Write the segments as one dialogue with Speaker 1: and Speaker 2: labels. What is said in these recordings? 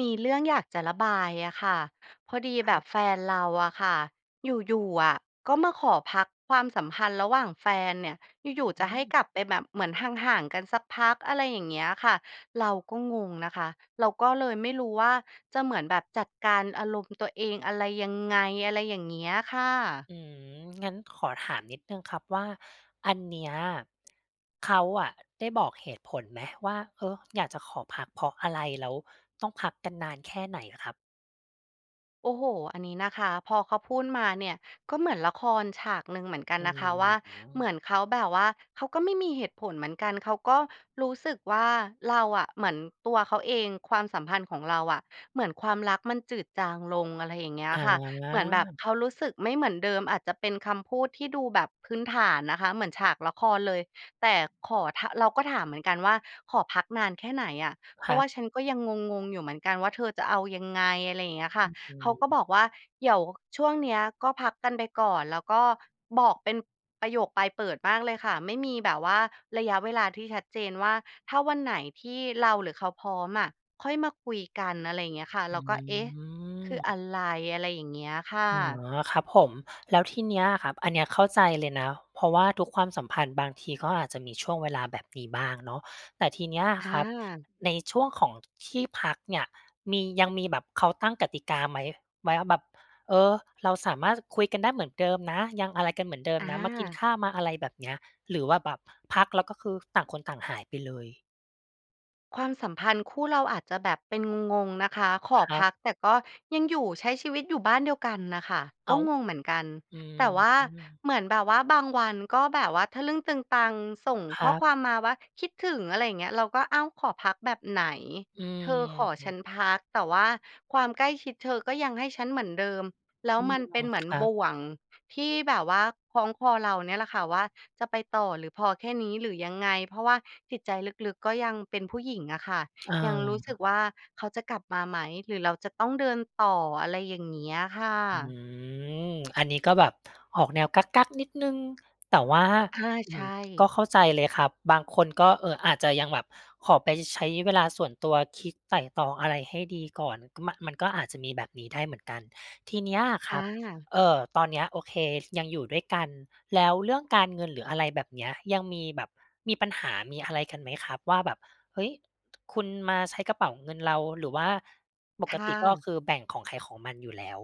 Speaker 1: มีเรื่องอยากจะระบายอะค่ะ พอดี
Speaker 2: ค
Speaker 1: แบ
Speaker 2: รับ
Speaker 1: บแฟนเราอะค่ะ อยู่ ๆ อะก็มาขอพักความสัมพันธ์ระหว่างแฟนเนี่ย อยู่
Speaker 2: อ
Speaker 1: ๆ จะ
Speaker 2: ื
Speaker 1: ให้ก
Speaker 2: อ
Speaker 1: ลับไปแบบเหมือนห่าง ๆ กันสักพัก อะไรอย่างเงี้ยค่ะ เราก็งงนะคะ เราก็เลยไม่รู้ว่า จะเหมือนแบบจัดการอารมณ์ตัวเองอะไรยังไง? อะไรอย่างเงี้ยค่ะ
Speaker 2: อืม งั้นขอถามนิดหนึ่งครับว่า อันเนี้ย เขาอะได้บอกเหตุผลไหมว่า เออ อยากจะขอพักเพราะอะไร? แล้วต้องพักกันนานแค่ไหนอะครับ?
Speaker 1: โอ้โฮ อันนี้นะคะ พอเขาพูดมาเนี่ย ก็เหมือนละครฉากหนึ่งเหมือนกั
Speaker 2: อ
Speaker 1: น
Speaker 2: ื
Speaker 1: นะคะว่า เหม
Speaker 2: ม
Speaker 1: ือนเขาแบบว่าเขาก็ไม่มีเหตุผลเหมือนกัน เขาก็รู้สึกว่าเราอะ เหมือนตัวเขาเอง ความสัมพันธ์ของเราอะ เหมือนความรักมันจืดจางลง อะไรอย่างเงี้ย
Speaker 2: อ
Speaker 1: อะ
Speaker 2: า
Speaker 1: ค่ะ เหมือนแบบเขารู้สึกไม่เหมือนเดิม อาจจะเป็นคำพูดที่ดูแบบพื้นฐานนะคะ เหมือนฉากละครเลย แต่ขอ ถ เราก็ถามเหมือนกันว่า "ขอพักนานแค่ไหนอะ? เพ
Speaker 2: ค
Speaker 1: รา
Speaker 2: ร
Speaker 1: ะ
Speaker 2: ั
Speaker 1: ว่า
Speaker 2: บ
Speaker 1: ฉันก็ยังงง ๆ อยู่เหมือนกันว่าเธอจะเอายังไง?" อะไรอย่างเงี้ยค่
Speaker 2: อ
Speaker 1: ะ
Speaker 2: ื
Speaker 1: เขาก็บ
Speaker 2: ม
Speaker 1: อกว่า "เดี๋ยวช่วงเนี้ยก็พักกันไปก่อน" แล้วก็บอกเป็นประโยคปลายเปิดมากเลยค่ะ ไม่มีแบบว่าระยะเวลาที่ชัดเจนว่า ถ้าวันไหนที่เราหรือเขาพร้อมอะค่อยมาคุยกัน อะไรอย่างเงี้ยค่ะ
Speaker 2: อ
Speaker 1: เ
Speaker 2: ื
Speaker 1: ราก็ "เอ๊ะ คืออ
Speaker 2: ม
Speaker 1: ะไร?" อะไรอย่างเงี้ยค่
Speaker 2: อ๋
Speaker 1: ะ
Speaker 2: อ ครับผม แล้วทีเนี้ยอะครับ อันเนี้ยเข้าใจเลยนะ เพราะว่าทุกความสัมพันธ์บางทีก็อาจจะมีช่วงเวลาแบบนี้บ้างเนาะ แต่ทีเนี้ย
Speaker 1: อ
Speaker 2: ครับ
Speaker 1: า
Speaker 2: ในช่วงของที่พักเนี่ยมี ยังมีแบบเขาตั้งกติกาไหม ไหม ว่าแบบ เออ เราสามารถคุยกันได้เหมือนเดิมนะ ยังอะไรกันเหมือนเดิมนะ มากิน
Speaker 1: อา
Speaker 2: ข้าว มาอะไรแบบนี้ หรือว่าแบบพัก แล้วก็คือต่างคนต่างหายไปเลย?
Speaker 1: ความสัมพันธ์คู่เราอาจจะแบบเป็นงง ๆ นะคะ ขอ
Speaker 2: ครั
Speaker 1: พ
Speaker 2: บ
Speaker 1: ักแต่ก็ยังอยู่ ใช้ชีวิตอยู่บ้านเดียวกันน่ะค่ะ
Speaker 2: อ
Speaker 1: ก
Speaker 2: ้
Speaker 1: ็
Speaker 2: าว
Speaker 1: งงเหมือนกัน
Speaker 2: อืม
Speaker 1: แต่ว่า
Speaker 2: อือ
Speaker 1: เหมือนแบบว่าบางวันก็แบบว่าทะลึ่งตึงตังส่ง
Speaker 2: ค
Speaker 1: ข
Speaker 2: ร
Speaker 1: ้อ
Speaker 2: ับ
Speaker 1: ความมาว่า "คิดถึง" อะไรอย่างเงี้ย เราก็ อ้าว! ขอพักแบบไหน?
Speaker 2: อื
Speaker 1: เธอขอฉั
Speaker 2: ม
Speaker 1: นพัก แต่ว่าความใกล้ชิดเธอก็ยังให้ฉันเหมือนเดิม แล้ว
Speaker 2: อื
Speaker 1: ม
Speaker 2: ม
Speaker 1: ันเป็นเหมือน
Speaker 2: ครั
Speaker 1: บ
Speaker 2: บ
Speaker 1: ่วงที่แบบว่าคล้องคอเราเนี่ยแหละค่ะว่าจะไปต่อ หรือพอแค่นี้ หรือยังไง เพราะว่าจิตใจลึก ๆ ก็ยังเป็นผู้หญิงอะค่ะ
Speaker 2: อ
Speaker 1: ยังรู้สึก
Speaker 2: า
Speaker 1: ว่าเขาจะกลับมาไหม หรือเราจะต้องเดินต่อ อะไรอย่างเงี้ยอะค่
Speaker 2: อื
Speaker 1: ะ
Speaker 2: ม อันนี้ก็แบบออกแนวกั๊ก ๆ นิดหนึ่ง แต่ว่า
Speaker 1: อา
Speaker 2: อ
Speaker 1: ใ
Speaker 2: ื
Speaker 1: ช
Speaker 2: ม ก็
Speaker 1: ่
Speaker 2: เข้าใจเลยครับ บางคนก็ เอ่อ อาจจะยังแบบขอไปใช้เวลาส่วนตัวคิดไตร่ตรองอะไรให้ดีก่อน ก ม มันก็อาจจะมีแบบนี้ได้เหมือนกัน ทีเนี้ยค
Speaker 1: อ
Speaker 2: รับ
Speaker 1: า
Speaker 2: เอ่อ ตอนนี้ โอเค ยังอยู่ด้วยกัน แล้วเรื่องการเงิน หรืออะไรแบบเนี้ย ยังมีแบบ มีปัญหามีอะไรกันไหมครับว่าแบบ เฮ้ย! คุณมาใช้กระเป๋าเงินเรา หรือว่าป
Speaker 1: ค
Speaker 2: ก
Speaker 1: ่
Speaker 2: ติก็
Speaker 1: ะ
Speaker 2: คือแบ่งของใครของมันอยู่แล้ว?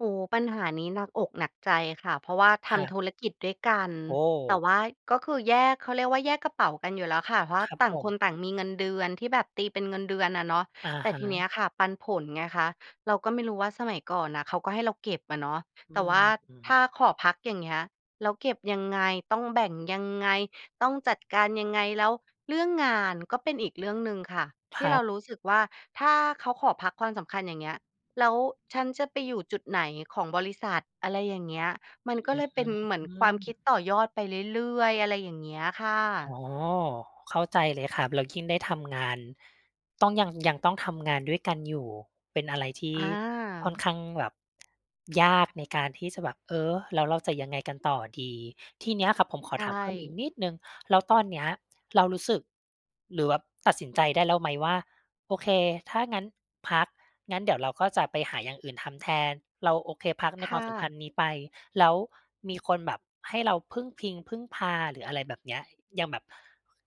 Speaker 1: โอ้โฮ! ปัญหานี้หนักอกหนักใจคะ เพราะว่าท
Speaker 2: ครั
Speaker 1: ำ
Speaker 2: บ
Speaker 1: ธุรกิจด้วยกัน
Speaker 2: โอ้โ
Speaker 1: แต
Speaker 2: ฮ!
Speaker 1: ่ว่าก็คือแยก เขาเรียกว่าแยกกระเป๋ากันอยู่แล้วคะ เพรา
Speaker 2: ค
Speaker 1: ะ
Speaker 2: รับ
Speaker 1: ต่า
Speaker 2: ผ
Speaker 1: งค
Speaker 2: ม
Speaker 1: นต่างมีเงินเดือน ที่แบบตีเป็นเงินเดือนอะเนาะ
Speaker 2: อะ
Speaker 1: แต่
Speaker 2: ฮ
Speaker 1: ทีเน
Speaker 2: ะ
Speaker 1: ี้ยคะปันผลไงคะ เราก็ไม่รู้ว่า สมัยก่อนน่ะเขาก็ให้เราเก็บอะเนาะ
Speaker 2: อ
Speaker 1: แ
Speaker 2: ื
Speaker 1: ต่
Speaker 2: อ
Speaker 1: ว่
Speaker 2: ฮ
Speaker 1: าถ้า
Speaker 2: ึ
Speaker 1: ขอพัก อย่างเงี้ย แล้วเก็บยังไง ต้องแบ่งยังไง ต้องจัดการยังไง แล้วเรื่องงาน ก็เป็นอีกเรื่องหนึ่งค่ะ
Speaker 2: ค
Speaker 1: ที่
Speaker 2: รั
Speaker 1: เรา
Speaker 2: บ
Speaker 1: รู้สึกว่าถ้าเขาขอพักความสำคัญ อย่างเงี้ย แล้วฉันจะไปอยู่จุดไหนของบริษัท อะไรอย่างเงี้ย มัน
Speaker 2: อ
Speaker 1: ก็เ
Speaker 2: ื
Speaker 1: ล
Speaker 2: ้
Speaker 1: ยเป็น
Speaker 2: อ
Speaker 1: เหมื
Speaker 2: ฮ
Speaker 1: อน
Speaker 2: ื
Speaker 1: ความคิด
Speaker 2: อ
Speaker 1: ต่อยอดไปเรื่อย ๆ อะไรอย่างเงี้ยอะค่
Speaker 2: อ๋
Speaker 1: ะ
Speaker 2: อ เข้าใจเลยครับ แล้วยิ่งได้ทำงาน ต้องยัง ยังต้องทำงานด้วยกันอยู่ เป็นอะไรที่ค่อน
Speaker 1: อา
Speaker 2: ข้างแบบ ยากในการที่จะแบบ "เออ แล้วเราจะยังไงกันต่อดี?" ที่เนี้ยครับผมข
Speaker 1: ใ
Speaker 2: อ
Speaker 1: ช
Speaker 2: ถามเพิ่มอีก
Speaker 1: ่
Speaker 2: นิดหนึ่ง แล้วตอนนี้เรารู้สึก หรือแบบตัดสินใจได้แล้วไหมว่า โอเค ถ้างั้นพัก งั้นเดี๋ยวเราก็จะไปหาอย่างอื่นทำแทน เราโอเค พักใน
Speaker 1: ค
Speaker 2: คว
Speaker 1: ่
Speaker 2: ามสัมพ
Speaker 1: ะ
Speaker 2: ันธ์นี้ไป แล้วมีคนแบบให้เราพึ่งพิง พึ่งพา หรืออะไรแบบเนี้ย ยังแบบ ค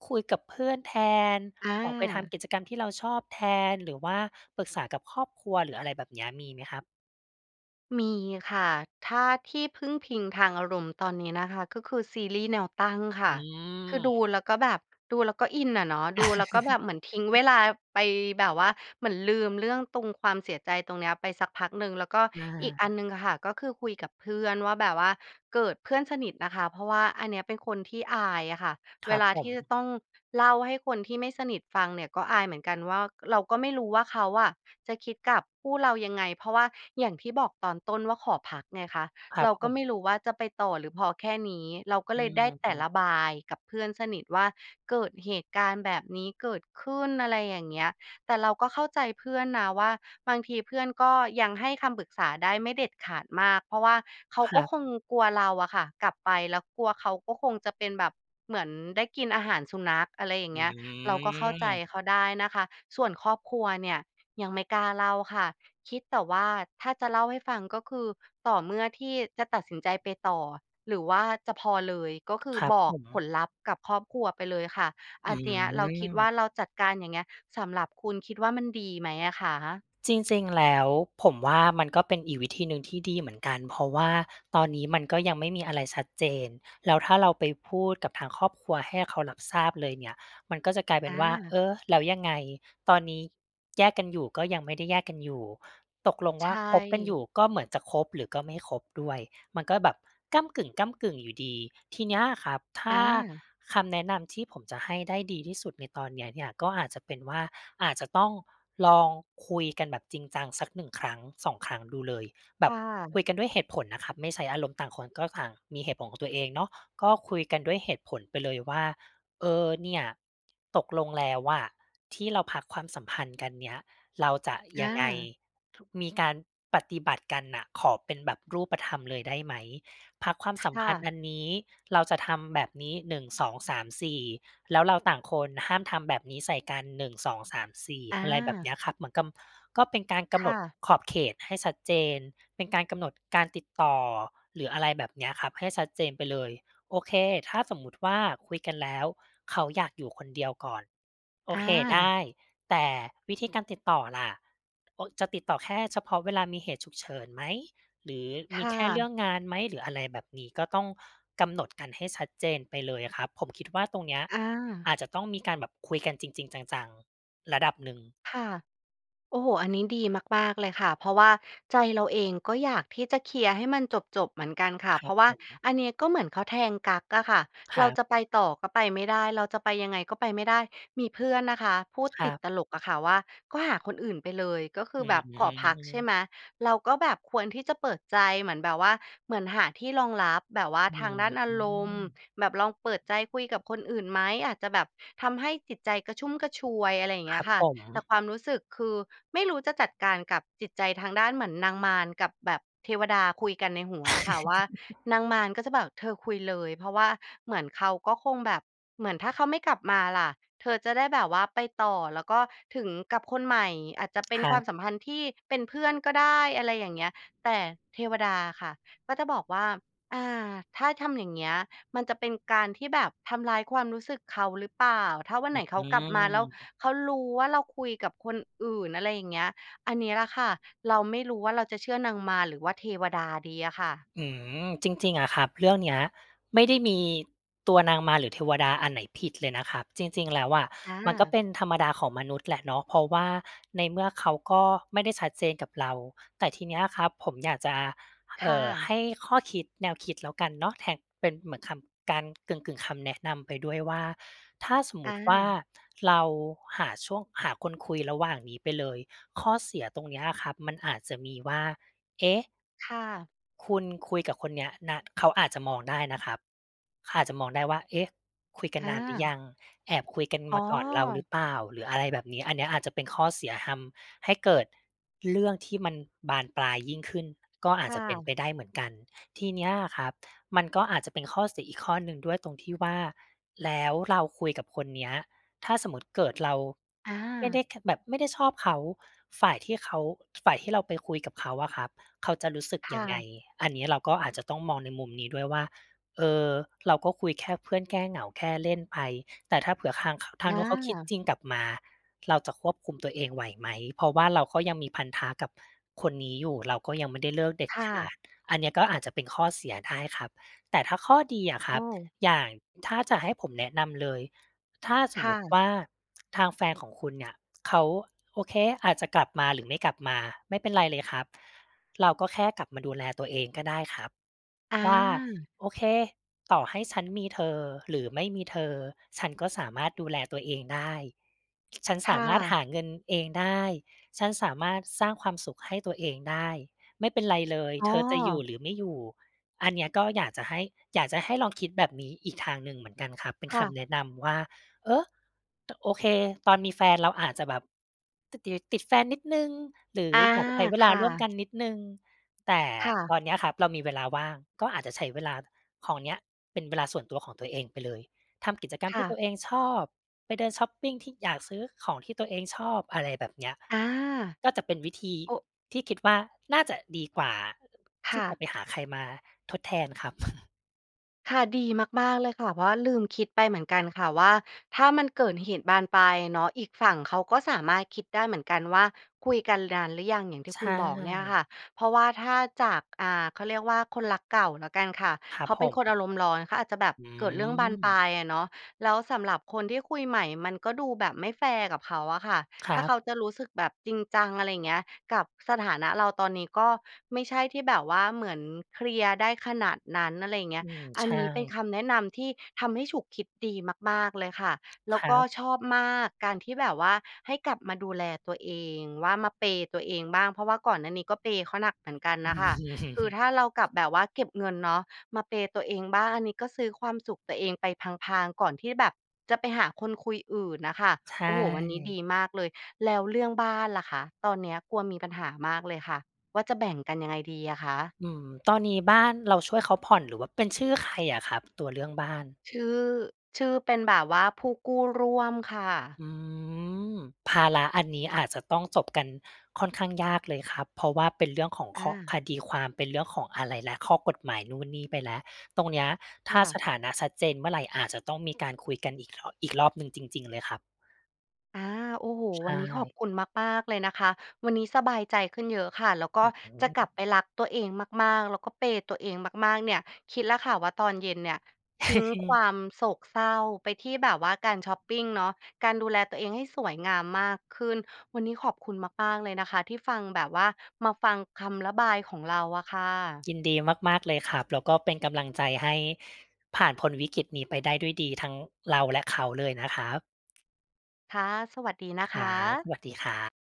Speaker 2: คุยกับเพื่อนแทน
Speaker 1: อ
Speaker 2: ออกไปท
Speaker 1: า
Speaker 2: ำกิจกรรมที่เราชอบแทน หรือว่าปรึกษากับครอบครัว หรืออะไรแบบเนี้ย มีไหมครับ?
Speaker 1: มีค่ะ ถ้าที่พึ่งพิงทางอารมณ์ตอนนี้นะคะ ก็คือซีรีส์แนวตั้งค่
Speaker 2: อ
Speaker 1: ะ
Speaker 2: ื
Speaker 1: คือดู
Speaker 2: ม
Speaker 1: แล้วก็แบบ ดูแล้วก็อินอะเนาะ ดูแล้วก็แบบเหมือนทิ้งเวลาไปแบบว่า เหมือนลืมเรื่องตรงความเสียใจตรงเนี้ยไปสักพักหนึ่ง แล้วก็
Speaker 2: อ
Speaker 1: อีกอั
Speaker 2: า
Speaker 1: นหนึ่งอะค่ะ ก็คือคุยกับเพื่อนว่าแบบว่าเกิดเพื่อนสนิทนะคะ เพราะว่าอันเนี้ยเป็นคนที่อายอะค่ะ
Speaker 2: ค
Speaker 1: เว
Speaker 2: รับ
Speaker 1: ลา
Speaker 2: ผ
Speaker 1: ที่จะ
Speaker 2: ม
Speaker 1: ต้องเล่าให้คนที่ไม่สนิทฟังเนี่ย ก็อายเหมือนกันว่า เราก็ไม่รู้ว่า เขาอะจะคิดกับคู่เรายังไง? เพราะว่าอย่างที่บอกตอนต้นว่าขอพักไงคะ
Speaker 2: ครั
Speaker 1: เร
Speaker 2: บ
Speaker 1: า
Speaker 2: ผ
Speaker 1: ก็ไม
Speaker 2: ม
Speaker 1: ่รู้ว่าจะไปต่อหรือพอแค่นี้ เราก็
Speaker 2: อ
Speaker 1: เ
Speaker 2: ื
Speaker 1: ลยได้แต่
Speaker 2: ม
Speaker 1: ระบายกับเพื่อนสนิทว่า เกิดเหตุการณ์แบบนี้เกิดขึ้น อะไรอย่างเงี้ย แต่เราก็เข้าใจเพื่อนนะว่า บางทีเพื่อนก็ยังให้คำปรึกษาได้ไม่เด็ดขาดมาก เพราะว่าเขา
Speaker 2: ค
Speaker 1: ก
Speaker 2: ร
Speaker 1: ็
Speaker 2: ับ
Speaker 1: คงกลัวเราอะค่ะกลับไป แล้วกลัวเขาก็คงจะเป็นแบบเหมือนได้กินอาหารสุนัข อะไรอย่า
Speaker 2: อ
Speaker 1: ง
Speaker 2: ื
Speaker 1: เงี้ย เราก็เข้าใจ
Speaker 2: ม
Speaker 1: เขาได้นะคะ ส่วนครอบครัวเนี่ย ยังไม่กล้าเล่าค่ะ คิดแต่ว่า ถ้าจะเล่าให้ฟัง ก็คือต่อเมื่อที่จะตัดสินใจไปต่อหรือว่าจะพอเลย ก็คื
Speaker 2: ค
Speaker 1: อ
Speaker 2: รับ
Speaker 1: บ
Speaker 2: ผ
Speaker 1: อกผ
Speaker 2: ม
Speaker 1: ลลัพธ์กับครอบครัวไปเลยค่ะ
Speaker 2: อ
Speaker 1: อ
Speaker 2: ื
Speaker 1: ันเนี้ยเราคิดว่า
Speaker 2: ม
Speaker 1: เราจัดการ อย่างเงี้ย สำหรับคุณคิดว่ามันดีไหมอะคะ?
Speaker 2: จริง ๆ แล้ว ผมว่า มันก็เป็นอีกวิธีหนึ่งที่ดีเหมือนกัน เพราะว่าตอนนี้มันก็ยังไม่มีอะไรชัดเจน แล้วถ้าเราไปพูดกับทางครอบครัวให้เขารับทราบเลยเนี่ย มันก็จะกลายเป็นว่า
Speaker 1: อ
Speaker 2: เ
Speaker 1: า
Speaker 2: ออ แล้วยังไง ตอนนี้ แยกกันอยู่ก็ยังไม่ได้แยกกันอยู่ ตกลง
Speaker 1: ใช
Speaker 2: ว่าคบกันอย
Speaker 1: ่
Speaker 2: ู่ ก็เหมือนจะคบหรือก็ไม่คบด้วย มันก็แบบก้ำกึ่ง ๆ อยู่ดี ทีเนี้ยครับ ถ
Speaker 1: อ
Speaker 2: ้า
Speaker 1: า
Speaker 2: คำแนะนำที่ผมจะให้ได้ดีที่สุดในตอนนี้เนี่ย ก็อาจจะเป็นว่า อาจจะต้องลองคุยกันแบบจริงจัง สัก 1 ครั้ง 2 ครั้งดูเลย แบ
Speaker 1: ค่
Speaker 2: บค
Speaker 1: ะ
Speaker 2: ุยกันด้วยเหตุผลนะครับ ไม่ใช้อารมณ์ ต่างคนก็ต่างมีเหตุผลของตัวเองเนาะ ก็คุยกันด้วยเหตุผลไปเลยว่า เออ เนี่ย ตกลงแล้วอะที่เราพักความสัมพันธ์กันเนี่ย เราจะ
Speaker 1: อ
Speaker 2: ยังไง?
Speaker 1: า
Speaker 2: ท มีการปฏิบัติกันน่ะ ขอเป็นแบบรูปธรรมเลยได้ไหม? พักความ
Speaker 1: ค
Speaker 2: สัม
Speaker 1: ่
Speaker 2: พัน
Speaker 1: ะ
Speaker 2: ธ์อันนี้ เราจะทำแบบนี้ 1,2,3,4 แล้วเราต่างคนห้ามทำแบบนี้ใส่กัน 1,2,3,4
Speaker 1: อ
Speaker 2: อะไรแบบเนี
Speaker 1: า
Speaker 2: ้ยครับ เหมือนกำ ก็เป็นการก
Speaker 1: ค
Speaker 2: ำหน
Speaker 1: ่
Speaker 2: ด
Speaker 1: ะ
Speaker 2: ขอบเขตให้ชัดเจน เป็นการกำหนดการติดต่อ หรืออะไรแบบเนี้ยครับ ให้ชัดเจนไปเลย โอเค ถ้าสมมุติว่า คุยกันแล้ว เขาอยากอยู่คนเดียวก่อน โอ
Speaker 1: อ
Speaker 2: เคได
Speaker 1: า
Speaker 2: ้ แต่วิธีการติดต่อล่ะ? โอ้ จะติดต่อแค่เฉพาะเวลามีเหตุฉุกเฉินไหม หรือ
Speaker 1: ค
Speaker 2: มี
Speaker 1: ่
Speaker 2: แค่เร
Speaker 1: ะ
Speaker 2: ื่องงานไหม? หรืออะไรแบบนี้ ก็ต้องกำหนดกันให้ชัดเจนไปเลยอะครับ ผมคิดว่าตรงเนี้ย
Speaker 1: อา
Speaker 2: อาจจะต้องมีการแบบคุยกันจริง ๆ จัง ๆ ระดับหนึ่ง
Speaker 1: ค่ะ โอ้โฮ! อันนี้ดีมาก ๆ เลยค่ะ เพราะว่าใจเราเอง ก็อยากที่จะเคลียร์ให้มันจบ ๆ เหมือนกันค่ะ
Speaker 2: คร
Speaker 1: เพ
Speaker 2: ั
Speaker 1: รา
Speaker 2: บ
Speaker 1: ะว
Speaker 2: ผ
Speaker 1: ่า
Speaker 2: ม
Speaker 1: อันนี้ก็เหมือนเขาแทงกั๊กอะค่ะ
Speaker 2: ค
Speaker 1: เ
Speaker 2: ร
Speaker 1: ร
Speaker 2: ั
Speaker 1: า
Speaker 2: บ
Speaker 1: จะไปต่อก็ไปไม่ได้ เราจะไปยังไงก็ไปไม่ได้ มีเพื่อนนะคะพูด
Speaker 2: คร
Speaker 1: ต
Speaker 2: ั
Speaker 1: ิด
Speaker 2: บ
Speaker 1: ตลกอะค่ะว่า "ก็หาคนอื่นไปเลย ก็คื
Speaker 2: อ
Speaker 1: อ
Speaker 2: ื
Speaker 1: แบ
Speaker 2: ม
Speaker 1: บ
Speaker 2: อื
Speaker 1: ขอพัก ใช่
Speaker 2: ม
Speaker 1: ไหม เราก็แบบควรที่จะเปิดใจ เหมือนแบบว่า เหมือนหาที่รองรับแบบว่า
Speaker 2: อื
Speaker 1: ทาง
Speaker 2: ม
Speaker 1: ด้านอา
Speaker 2: อื
Speaker 1: รมณ์
Speaker 2: ม
Speaker 1: แบบลองเปิดใจคุยกับคนอื่นไหม? อาจจะแบบทำให้จิตใจกระชุ่มกระชวย" อะไรอย่างเ
Speaker 2: ค
Speaker 1: งี้
Speaker 2: ร
Speaker 1: ย
Speaker 2: ับ
Speaker 1: ค่ะ
Speaker 2: ผม
Speaker 1: แต่ความรู้สึกคือ ไม่รู้จะจัดการกับจิตใจทางด้านเหมือนนางมารกับแบบเทวดาคุยกันในหัวอะค่ะว่า นางมารก็จะแบบ เธอคุยเลย เพราะว่าเหมือนเขาก็คงแบบ เหมือนถ้าเขาไม่กลับมาล่ะ? เธอจะได้แบบว่าไปต่อ แล้วก็ถึงกับคนใหม่อาจจะเป็
Speaker 2: ค
Speaker 1: น
Speaker 2: ร
Speaker 1: ค
Speaker 2: ั
Speaker 1: วา
Speaker 2: บ
Speaker 1: มสัมพันธ์ที่เป็นเพื่อนก็ได้ อะไรอย่างเงี้ย แต่เทวดาอะค่ะ ก็จะบอกว่า อ่า "ถ้าทำอย่างเงี้ย มันจะเป็นการที่แบบทำร้ายความรู้สึกเขาหรือเปล่า? ถ้าวัน
Speaker 2: อ
Speaker 1: ไหนเข
Speaker 2: ื
Speaker 1: ากลับมาแล้ว
Speaker 2: ม
Speaker 1: เขารู้ว่า เราคุยกับคนอื่น" อะไรอย่างเงี้ย อันนี้ล่ะค่ะ เราไม่รู้ว่าเราจะเชื่อนางมารหรือว่าเทวดาดีอะค่ะ?
Speaker 2: อืม จริง ๆ อะครับ เรื่องเนี้ยไม่ได้มี ตัวนางมาร หรือเทวดาอันไหนผิดเลยนะครับ จริง ๆ แล้วอะ
Speaker 1: อ
Speaker 2: มันก็
Speaker 1: า
Speaker 2: เป็นธรรมดาของมนุษย์แหละเนาะ เพราะว่าในเมื่อเขาก็ไม่ได้ชัดเจนกับเรา แต่ทีนี้อะครับ ผมอยากจะ
Speaker 1: ค
Speaker 2: เอ
Speaker 1: ่
Speaker 2: ่อ ใ
Speaker 1: ะ
Speaker 2: ห้ข้อคิด แนวคิดแล้วกันเนาะ แทน เป็นเหมือนคำ การกึ่ง ๆ คำแนะนำไปด้วยว่า ถ้าสมม
Speaker 1: อ
Speaker 2: ติว่า
Speaker 1: า
Speaker 2: เราหาช่วง หาคนคุยระหว่างนี้ไปเลย ข้อเสียตรงนี้อะครับ มันอาจจะมีว่า เอ๊ะ!
Speaker 1: ค่ะ
Speaker 2: คุณคุยกับคนเนี้ยนา เขาอาจจะมองได้นะครับ เขาอาจจะมองได้ว่า เอ๊ะ! คุยกันนานหรือย
Speaker 1: อา
Speaker 2: ัง แอบคุยกัน
Speaker 1: อ๋
Speaker 2: ม
Speaker 1: อ
Speaker 2: าก่อนเราหรือเปล่า? หรืออะไรแบบนี้ อันนี้อาจจะเป็นข้อเสีย ทำให้เกิดเรื่องที่มันบานปลายยิ่งขึ้น ก็อา
Speaker 1: ค
Speaker 2: จ
Speaker 1: ่
Speaker 2: จะเป็นไ
Speaker 1: ะ
Speaker 2: ปได้เหมือนกัน ทีเนี้ยอะครับ มันก็อาจจะเป็นข้อเสียอีกข้อหนึ่งด้วยตรงที่ว่า แล้วเราคุยกับคนเนี้ย ถ้าสมมติเกิดเรา
Speaker 1: อ
Speaker 2: ไม่ได
Speaker 1: า
Speaker 2: ้แค แบบไม่ได้ชอบเขา ฝ่ายที่เขา ฝ่ายที่เราไปคุยกับเขาอะครับ เขาจะรู้สึก
Speaker 1: ค
Speaker 2: ย
Speaker 1: ่
Speaker 2: ังไง?
Speaker 1: ะ
Speaker 2: อันนี้เราก็อาจจะต้องมองในมุมนี้ด้วยว่า เออ เราก็คุยแค่เพื่อนแก้เหงา แค่เล่นไป แต่ถ้าเผื่อทาง ค ท
Speaker 1: อ
Speaker 2: างนู้นเขาคิด
Speaker 1: า
Speaker 2: จริงกลับมา เราจะควบคุมตัวเองไหวไหม? เพราะว่าเราก็ยังมีพันธะกับคนนี้อยู่ เราก็ยังไม่ได้เลิกเด็ด
Speaker 1: ค่
Speaker 2: ขา
Speaker 1: ะ
Speaker 2: ด อันนี้ก็อาจจะเป็นข้อเสียได้ครับ แต่ถ้าข้อดีอะค
Speaker 1: โ
Speaker 2: ร
Speaker 1: อ
Speaker 2: ับ
Speaker 1: ้!
Speaker 2: อย่าง ถ้าจะให้ผมแนะนำเลย ถ้าส
Speaker 1: ค
Speaker 2: ม
Speaker 1: ่
Speaker 2: มติ
Speaker 1: ะ
Speaker 2: ว่า ทางแฟนของคุณเนี่ย เขา โอเค อาจจะกลับมาหรือไม่กลับมา ไม่เป็นไรเลยครับ เราก็แค่กลับมาดูแลตัวเองก็ได้ครับ
Speaker 1: อ
Speaker 2: ว่า
Speaker 1: า
Speaker 2: โอเค ต่อให้ฉันมีเธอหรือไม่มีเธอ ฉันก็สามารถดูแลตัวเองได้ ฉ ฉัน
Speaker 1: ค
Speaker 2: สา
Speaker 1: ่
Speaker 2: มารถ
Speaker 1: ะ
Speaker 2: หาเงินเองได้ ฉันสามารถสร้างความสุขให้ตัวเองได้ ไม่เป็นไรเลย
Speaker 1: อ๋
Speaker 2: เ
Speaker 1: อ
Speaker 2: ธอจะอยู่หรือไม่อยู่ อันเนี้ยก็อยากจะให้ อยากจะให้ลองคิดแบบนี้อีกทางหนึ่งเหมือนกันครับ เป็น
Speaker 1: ค่
Speaker 2: ค
Speaker 1: ะ
Speaker 2: ำแนะนำว่า เออ โอเค ตอนมีแฟนเราอาจจะแบบ ต ติด ติดแฟนนิดหนึ่ง หรือ
Speaker 1: อา
Speaker 2: อยากจะใช้เว
Speaker 1: ค
Speaker 2: ลา
Speaker 1: ่
Speaker 2: ร่วม
Speaker 1: ะ
Speaker 2: กันนิดหนึ่ง แต่
Speaker 1: ค่ะ
Speaker 2: ตอนเนี้ยครับ เรามีเวลาว่าง ก็อาจจะใช้เวลาของเนี้ย เป็นเวลาส่วนตัวของตัวเองไปเลย ทำกิจกรร
Speaker 1: ค
Speaker 2: มท
Speaker 1: ่
Speaker 2: ี่
Speaker 1: ะ
Speaker 2: ตัวเองชอบ ไปเดินชอปปิงที่อยากซื้อของที่ตัวเองชอบ อะไรแบบเนี้ย
Speaker 1: อา
Speaker 2: ก็เป็นวิธี
Speaker 1: โอ้
Speaker 2: ที่คิดว่าน่าจะดีกว่า
Speaker 1: ค
Speaker 2: ที
Speaker 1: ่
Speaker 2: ่จะ
Speaker 1: ะ
Speaker 2: ไปหาใครมาทดแทนครับ
Speaker 1: ค่ะ ดีมาก ๆ เลยค่ะ เพราะว่าลืมคิดไปเหมือนกันค่ะว่า ถ้ามันเกิดเหตุบานปลายเนาะ อีกฝั่งเขาก็สามารถคิดได้เหมือนกันว่า "คุยกันนานหรือยัง?" อย่างที
Speaker 2: ใ
Speaker 1: ่
Speaker 2: ช
Speaker 1: คุณบอกเนี่ย
Speaker 2: ่
Speaker 1: ค่ะ เพราะว่าถ้าจาก อ่า เขาเรียกว่าคนรักเก่าแล้วกันค่ะ
Speaker 2: คร
Speaker 1: เ
Speaker 2: ั
Speaker 1: ข
Speaker 2: บ
Speaker 1: าเ
Speaker 2: ผ
Speaker 1: ป็นคน
Speaker 2: ม
Speaker 1: อารมณ์ร้อน เขาอาจจะแบบ
Speaker 2: อื
Speaker 1: เกิดเรื่องบานปล
Speaker 2: ม
Speaker 1: ายอะเนาะ แล้วสำหรับคนที่คุยใหม่ มันก็ดูแบบไม่แฟร์กับเขาอะค่ะ
Speaker 2: คร
Speaker 1: ถ้า
Speaker 2: ั
Speaker 1: เ
Speaker 2: บ
Speaker 1: ขาจะรู้สึกแบบจริงจัง อะไรอย่างนี้ กับสถานะเราตอนนี้ก็ไม่ใช่ที่แบบว่าเหมือนเคลียร์ได้ขนาดนั้น อะไรอย่างนี
Speaker 2: อ
Speaker 1: ้
Speaker 2: ืม
Speaker 1: อั
Speaker 2: ใช
Speaker 1: นนี้เป็น
Speaker 2: ่
Speaker 1: คำแนะนำที่ทำให้ฉุกคิดดีมาก ๆ เลยค่ะ แล้
Speaker 2: ค
Speaker 1: ว
Speaker 2: ร
Speaker 1: ก
Speaker 2: ั
Speaker 1: ็
Speaker 2: บ
Speaker 1: ชอบมาก การที่แบบว่าให้กลับมาดูแลตัวเอง ว่ามา เพย์ ตัวเองบ้าง เพราะว่าก่อนหน้านี้ก็ เพย์ เขาหนักเหมือนกันน่ะค่ะ คือถ้าเรากลับ แบบว่าเก็บเงินเนาะ มา เพย์ ตัวเองบ้าง อันนี้ก็ซื้อความสุขตัวเองไปพลาง ๆ ก่อนที่แบบจะไปหาคนคุยอื่นน่ะค่ะ
Speaker 2: ใช
Speaker 1: โอ้โฮ วันนี้ดี
Speaker 2: ่
Speaker 1: มากเลย แล้วเรื่องบ้านล่ะคะ ตอนนี้กลัวมีปัญหามากเลยค่ะว่าจะแบ่งกันยังไงดีอะคะ?
Speaker 2: อืม ตอนนี้บ้านเราช่วยเขาผ่อน หรือว่าเป็นชื่อใครอะครับ? ตัวเรื่องบ้าน
Speaker 1: ชื่อ ชื่อเป็นแบบว่าผู้กู้ร่วมค่ะ
Speaker 2: อืม ภาระอันนี้อาจจะต้องจบกันค่อนข้างยากเลยครับ เพราะว่าเป็นเรื่องของ
Speaker 1: อ
Speaker 2: ข้อ
Speaker 1: า
Speaker 2: คดีความ เป็นเรื่องของอะไรแล้ว ข้อกฎหมายนู่นนี่ไปแล้ว ตรงนี้ถ
Speaker 1: ค
Speaker 2: ้า
Speaker 1: ่
Speaker 2: ส
Speaker 1: ะ
Speaker 2: ถานะชัดเจนเมื่อไร อาจจะต้องมีการคุยกันอีก ถ อีกรอบหนึ่งจริง ๆ เลยครับ
Speaker 1: อา โอ้โฮ!
Speaker 2: ใช
Speaker 1: วันนี้ขอบ
Speaker 2: ่
Speaker 1: คุณมาก ๆ เลยนะคะ วันนี้สบายใจขึ้นเยอะค่ะ แล้วก
Speaker 2: อ
Speaker 1: ็
Speaker 2: ื้อฮื
Speaker 1: จะกลั
Speaker 2: อ
Speaker 1: บไปรักตัวเองมาก ๆ แล้วก็ เพย์ ตัวเองมาก ๆ เนี่ย คิดแล้วค่ะว่าตอนเย็นเนี่ย ทิ้งความโศกเศร้าไปที่แบบว่าการชอปปิงเนาะ การดูแลตัวเองให้สวยงามมากขึ้น วันนี้ขอบคุณมาก ๆ เลยนะคะที่ฟัง แบบว่ามาฟังคำระบายของเราอะค่ะ
Speaker 2: ยินดีมาก ๆ เลยครับ แล้วก็เป็นกำลังใจให้ผ่านพ้นวิกฤตนี้ไปได้ด้วยดี ทั้งเราและเขาเลยนะครับ
Speaker 1: ค่ะ สวัสดีนะ
Speaker 2: ค
Speaker 1: ค
Speaker 2: รับ
Speaker 1: ะ
Speaker 2: สวัสดีครับ